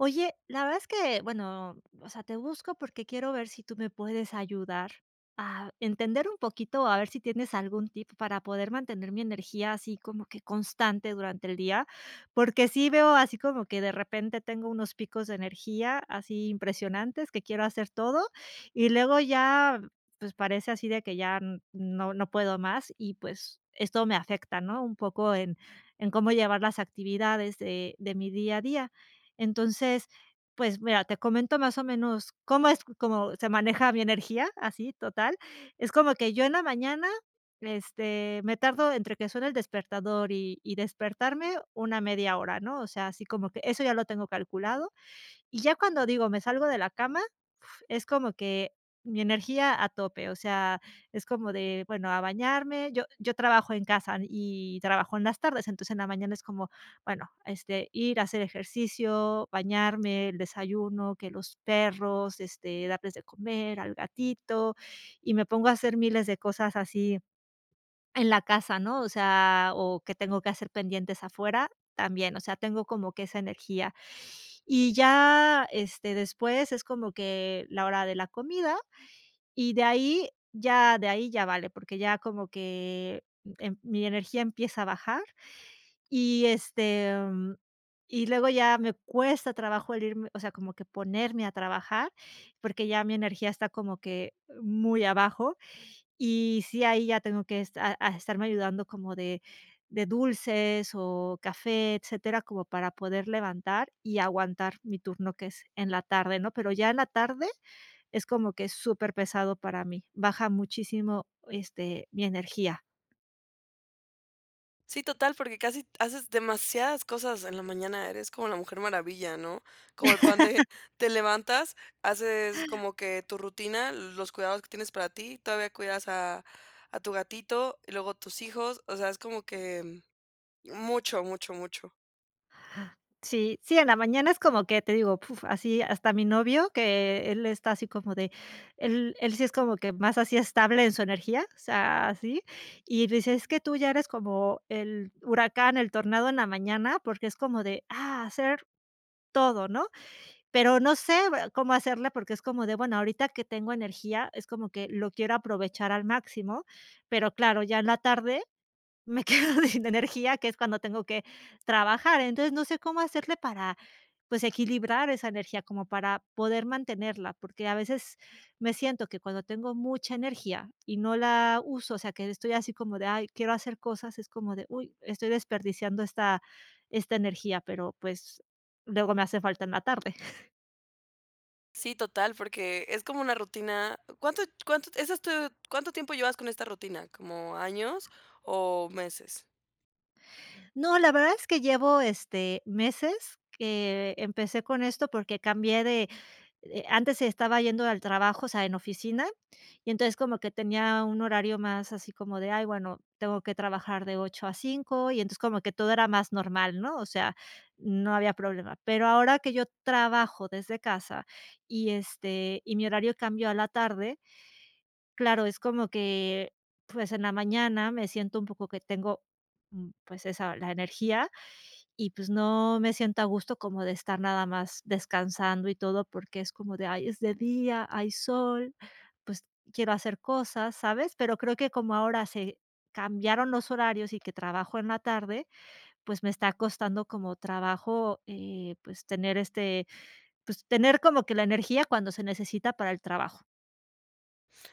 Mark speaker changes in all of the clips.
Speaker 1: Oye, la verdad es que bueno, o sea, te busco porque quiero ver si tú me puedes ayudar a entender un poquito o a ver si tienes algún tip para poder mantener mi energía así como que constante durante el día, porque sí veo así como que de repente tengo unos picos de energía así impresionantes, que quiero hacer todo, y luego ya, pues, parece así de que ya n no no puedo más, y pues esto me afecta, ¿no? Un poco en en cómo llevar las actividades de de mi día a día. Entonces pues, mira, te comento más o menos cómo es como se maneja mi energía así total. Es como que, yo en la mañana, este, me tardo entre que suena el despertador y y despertarme una 1/2 hora, ¿no? O sea, así como que eso ya lo tengo calculado. Y ya cuando digo: "Me salgo de la cama", f es como que mi energía a tope. O sea, es como de bueno a bañarme yo yo trabajo en casa, y trabajo en las tardes, entonces en la mañana es como bueno, este, ir a hacer ejercicio, bañarme, el desayuno, que los perros, este, darles de comer al gatito, y me pongo a hacer miles de cosas así en la casa ¿no? O sea, o que tengo que hacer pendientes afuera también. O sea, tengo como que esa energía, y ya, este, después es como que la hora de la comida, y de ahí ya de ahí ya vale, porque ya como que, em mi energía empieza a bajar, y este, y luego ya me cuesta trabajo el irme, o sea, como que ponerme a trabajar porque ya mi energía está como que muy abajo, y sí, ahí ya tengo que esta ah, estarme ayudando como de de dulces o café, etcétera, como para poder levantar y aguantar mi turno que es en la tarde ¿no? Pero ya en la tarde es como que es superpesado para mí. Baja muchísimo, este, mi energía.
Speaker 2: Sí, total porque casi haces demasiadas cosas en la mañana. Eres como la Mujer Maravilla, ¿no? Como el pan de te levantas, haces como que tu rutina, los cuidados que tienes para ti. Todavía cuidas a a tu gatito y luego tus hijos. O sea, es como que mucho, mucho, mucho.
Speaker 1: Sí, sí en la mañana es como que, te digo, puf, así hasta mi novio que, él está así como de, él él sí es como que más así, estable en su energía, o sea así, y dice: "Es que tú ya eres como el huracán, el tornado en la mañana porque es como de ¡ah!, hacer todo", ¿no? Pero no sé cómo hacerle porque es como de bueno, ahorita que tengo energía es como que lo quiero aprovechar al máximo, pero claro, ya en la tarde me quedo sin energía, que es cuando tengo que trabajar. Entonces no sé cómo hacerle para pues, equilibrar esa energía como para poder mantenerla, porque a veces me siento que cuando tengo mucha energía y no la uso, o sea, que estoy así como de: "Ay, quiero hacer cosas", es como de: "Uy, estoy desperdiciando esta esta energía", pero pues, luego me hace falta en la tarde.
Speaker 2: Sí, total, porque es como una rutina, ¿cuánto cuánto es esto?, ¿cuánto tiempo llevas con esta rutina?, ¿cómo años o meses?
Speaker 1: No, la verdad es que llevo, este, meses que empecé con esto porque cambié de, eh, antes estaba yendo al trabajo, o sea, en oficina, y entonces como que tenía un horario más así como de, "ay, bueno, tengo que trabajar de 8 a 5" y entonces como que todo era más normal, ¿no?, o sea, no había problema, pero ahora que yo trabajo desde casa, y, este, y mi horario cambió a la tarde, claro, es como que, pues, en la mañana me siento un poco que tengo, mm, pues esa la energía y, pues, no me siento a gusto como de estar nada más descansando y todo, porque es como de "ay, es de día, hay sol, pues quiero hacer cosas", ¿sabes?, pero creo que como ahora se cambiaron los horarios y que trabajo en la tarde, pues me está costando como trabajo, eh, pues tener, este, pues tener como que la energía cuando se necesita para el trabajo.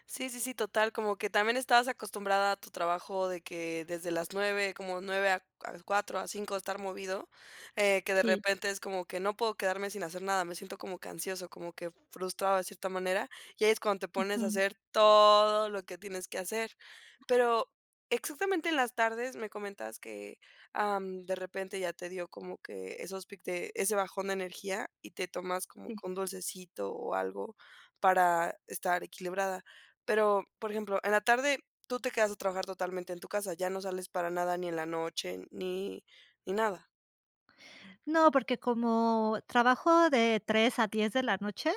Speaker 2: Sí, sí, sí, total, como que también estabas acostumbrada a tu trabajo de que desde las 9, como 9 a c a cuatro, a 5, estar movido, eh, que de
Speaker 1: Sí.
Speaker 2: repente es como que: "No puedo quedarme sin hacer nada. Me siento como que ansioso, como que frustrado de cierta manera". Y ahí es cuando te pones a
Speaker 1: Ujú.
Speaker 2: hacer todo lo que tienes que hacer. Pero exactamente en las tardes, me comentas que, am, de repente ya te dio como que esos pic de ese bajón de energía, y te tomas como
Speaker 1: Sí.
Speaker 2: que un dulcecito o algo para estar equilibrada. Pero, por ejemplo, ¿en la tarde tú te quedas a trabajar totalmente en tu casa, ya no sales para nada, ni en la noche ni ni nada?
Speaker 1: No, porque como trabajo de 3 a 10 de la noche,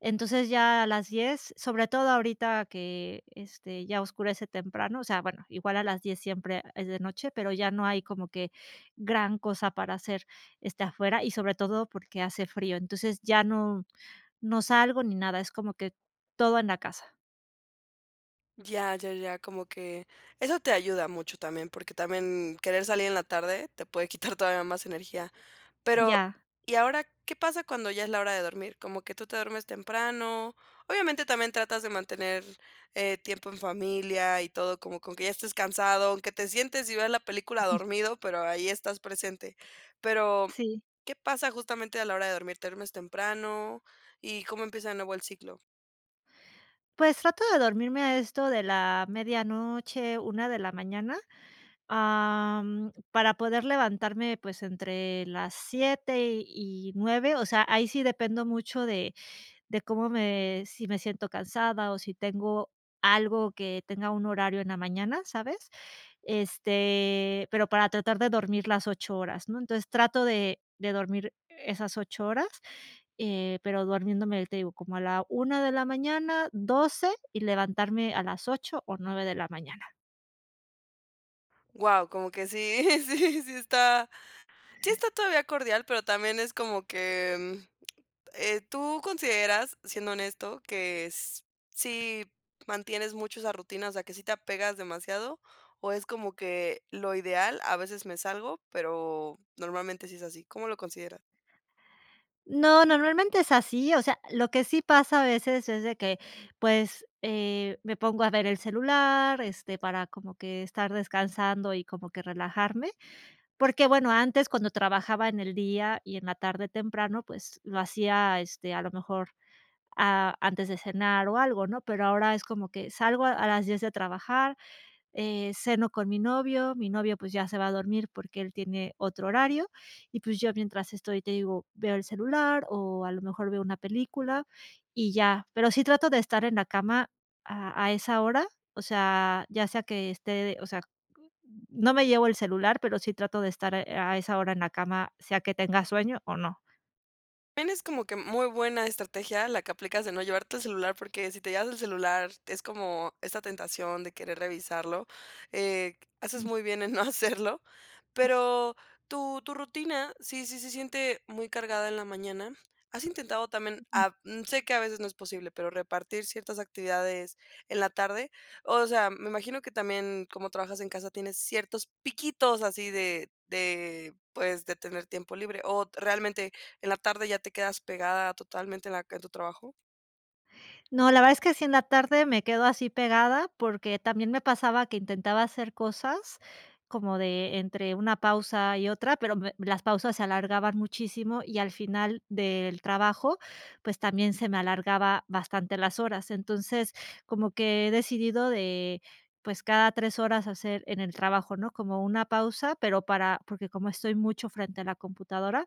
Speaker 1: entonces ya a las 10, sobre todo ahorita que, este, ya oscurece temprano. O sea, bueno, igual a las 10 siempre es de noche, pero ya no hay como que gran cosa para hacer, este, afuera, y sobre todo porque hace frío. Entonces ya no, no salgo ni nada. Es como que todo en la casa.
Speaker 2: Ya, ya, ya, como que, eso te ayuda mucho también, porque también querer salir en la tarde te puede quitar todavía más energía, pero,
Speaker 1: Ya.
Speaker 2: y ahora ¿qué pasa cuando ya es la hora de dormir, como que tú te duermes temprano?, obviamente también tratas de mantener, eh, tiempo en familia y todo, como que aunque ya estés cansado, aunque te sientes y veas la película
Speaker 1: Ujú.
Speaker 2: dormido, pero ahí estás presente, pero,
Speaker 1: Sí.
Speaker 2: ¿qué pasa justamente a la hora de dormir?, ¿te duermes temprano, y cómo empieza de nuevo el ciclo?
Speaker 1: Pues, trato de dormirme a esto de la medianoche, 1 de la mañana, am, para poder levantarme, pues, entre las 7 y 9, o sea, ahí sí, dependo mucho de de cómo me si me siento cansada, o si tengo algo que tenga un horario en la mañana, ¿sabes?, este, pero para tratar de dormir las 8 horas, ¿no?, entonces trato de de dormir esas 8 horas, eh, pero durmiéndome te digo como a la 1 de la mañana, 12, y levantarme a las 8 o 9 de la mañana.
Speaker 2: Guau, como que sí, sí, sí está, sí, está todavía cordial, pero también es como que, mm, eh, ¿tú consideras, siendo honesto, que s si mantienes mucho esa rutina, o sea que sí te apegas demasiado, o es como que lo ideal, a veces me salgo, pero normalmente sí es así?, ¿cómo lo consideras?
Speaker 1: No, normalmente es así, o sea, lo que sí pasa a veces es de que pues, eh, me pongo a ver el celular, este, para como que estar descansando y como que relajarme, porque bueno, antes, cuando trabajaba en el día y en la tarde temprano, pues lo hacía este a lo mejor, a antes de cenar o algo, ¿no? Pero ahora es como que salgo a a las 10 de trabajar, eh, ceno con mi novio, mi novio, pues ya se va a dormir porque él tiene otro horario, y pues yo mientras estoy te digo, veo el celular o a lo mejor veo una película y ya. Pero sí trato de estar en la cama a a esa hora, o sea, ya sea que esté, o sea, no me llevo el celular, pero sí trato de estar a esa hora en la cama, sea que tenga sueño o no.
Speaker 2: Tienes como que muy buena estrategia la que aplicas de no llevarte el celular, porque si te llevas el celular es como esta tentación de querer revisarlo, eh, haces muy bien en no hacerlo. Pero tu tu rutina, sí sí se siente muy cargada en la mañana, ¿has intentado también,
Speaker 1: Ujú.
Speaker 2: ah, mm, sé que a veces no es posible, pero repartir ciertas actividades en la tarde? O sea, me imagino que también como trabajas en casa tienes ciertos piquitos así de de pues de tener tiempo libre, ¿o realmente en la tarde ya te quedas pegada totalmente en la en tu trabajo?
Speaker 1: No, la verdad es que sí, en la tarde me quedo así pegada porque también me pasaba que intentaba hacer cosas como de entre una pausa y otra, pero me las pausas se alargaban muchísimo, y al final del trabajo, pues también se me alargaba bastante las horas. Entonces, como que he decidido, eh, pues cada 3 horas hacer, en el trabajo, ¿no?, como una pausa, pero para porque como estoy mucho frente a la computadora,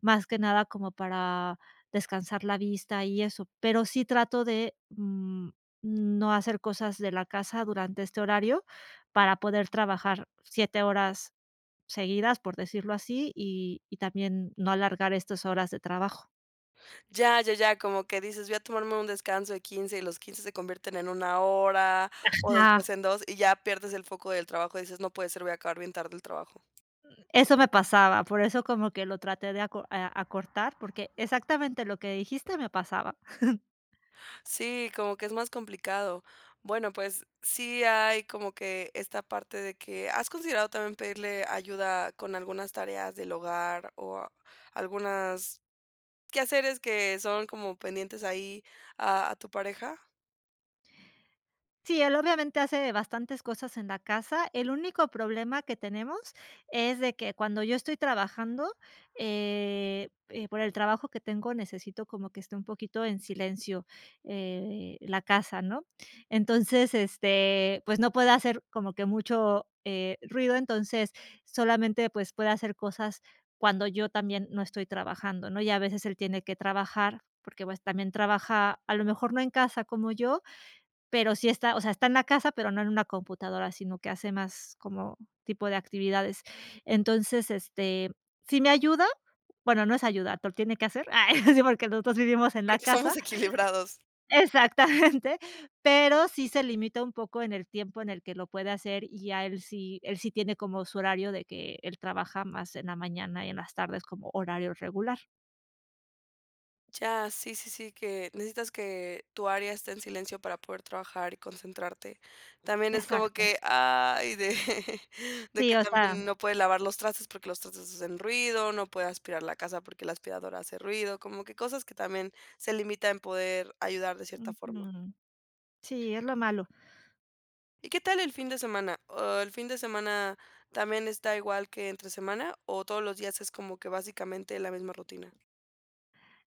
Speaker 1: más que nada como para descansar la vista y eso, pero sí trato de, mm, no hacer cosas de la casa durante este horario para poder trabajar 7 horas seguidas, por decirlo así, y y también no alargar estas horas de trabajo.
Speaker 2: Ya, ya, ya, como que dices, voy a tomarme un descanso de 15, y los 15 se convierten en 1 hora, o después
Speaker 1: Ajá.
Speaker 2: en 2 y ya pierdes el foco del trabajo y dices no puede ser, voy a acabar bien tarde el trabajo.
Speaker 1: Eso me pasaba, por eso como que lo traté de aco eh, acortar porque exactamente lo que dijiste me pasaba.
Speaker 2: Sí, como que es más complicado. Bueno, pues sí hay como que esta parte de que, ¿has considerado también pedirle ayuda con algunas tareas del hogar, o algunas quehaceres que son como pendientes ahí a a tu pareja?
Speaker 1: Sí, él obviamente hace bastantes cosas en la casa. El único problema que tenemos es de que cuando yo estoy trabajando, eh, eh, por el trabajo que tengo, necesito como que esté un poquito en silencio, eh, la casa, ¿no? Entonces este pues no puede hacer como que mucho, eh, ruido. Entonces solamente pues puede hacer cosas cuando yo también no estoy trabajando, ¿no?, y a veces él tiene que trabajar porque pues también trabaja a lo mejor no en casa como yo. Pero sí está, o sea, está en la casa, pero no en una computadora, sino que hace más como tipo de actividades. Entonces este sí me ayuda, bueno, no es ayudar, pero lo tiene que hacer. Ah, sí, porque los 2 vivimos en la
Speaker 2: Porque somos
Speaker 1: casa.
Speaker 2: equilibrados.
Speaker 1: Exactamente, pero sí se limita un poco en el tiempo en el que lo puede hacer y ya él sí él sí tiene como su horario de que él trabaja más en la mañana y en las tardes como horario regular.
Speaker 2: Ya, sí, sí, sí que necesitas que tu área esté en silencio para poder trabajar y concentrarte, también es como
Speaker 1: Exacto.
Speaker 2: que: "Ay". De de
Speaker 1: Sí,
Speaker 2: que
Speaker 1: o
Speaker 2: también uno
Speaker 1: sea.
Speaker 2: no puede lavar los trastes porque los trastes hacen ruido, no puede aspirar la casa porque la aspiradora hace ruido, como que cosas que también se limita en poder ayudar de cierta forma.
Speaker 1: Ujú. Sí, es lo malo.
Speaker 2: ¿Y qué tal el fin de semana? o, ¿el fin de semana también está igual que entre semana, o todos los días es como que básicamente la misma rutina?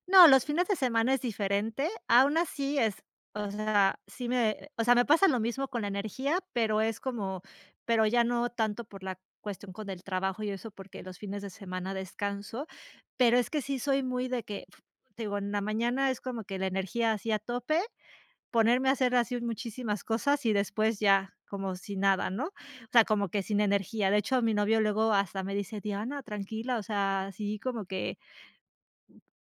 Speaker 1: No, los fines de semana es diferente, aún así es o sea, sí me o sea, me pasa lo mismo con la energía, pero es como, pero ya no tanto por la cuestión con el trabajo y eso porque los fines de semana descanso. Pero es que sí soy muy de que f te digo, en la mañana es como que la energía así a tope, ponerme a hacer así un muchísimas cosas y después ya como si nada, ¿no? O sea, como que sin energía, de hecho, mi novio luego hasta me dice: "Diana, tranquila". O sea, así como que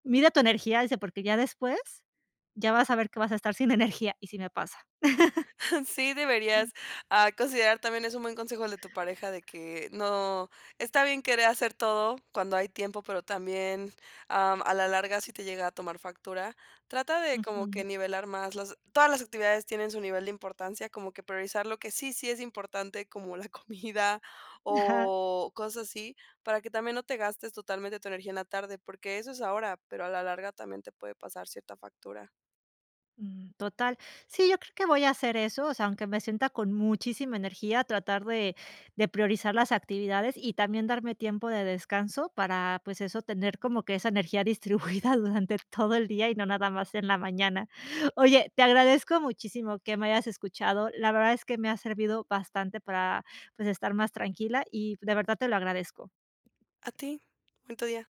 Speaker 1: "mide tu energía", dice, "porque ya después, ya vas a ver que vas a estar sin energía.", y sí me pasa.
Speaker 2: Sí, deberías, ah, considerar también es un buen consejo el de tu pareja, de que no está bien querer hacer todo cuando hay tiempo, pero también am, a la larga si te llega a tomar factura. Trata de como
Speaker 1: Ujú.
Speaker 2: que nivelar más las todas las actividades tienen su nivel de importancia, como que priorizar lo que sí, sí es importante como la comida
Speaker 1: Ajá.
Speaker 2: o cosas así, para que también no te gastes totalmente tu energía en la tarde, porque eso es ahora, pero a la larga también te puede pasar cierta factura.
Speaker 1: Mm. Total. Sí, yo creo que voy a hacer eso, o sea, aunque me sienta con muchísima energía, tratar de de priorizar las actividades y también darme tiempo de descanso para, pues eso, tener como que esa energía distribuida durante todo el día y no nada más en la mañana. Oye, te agradezco muchísimo que me hayas escuchado, la verdad es que me ha servido bastante para, pues estar más tranquila, y de verdad te lo agradezco.
Speaker 2: A ti. Bonito día.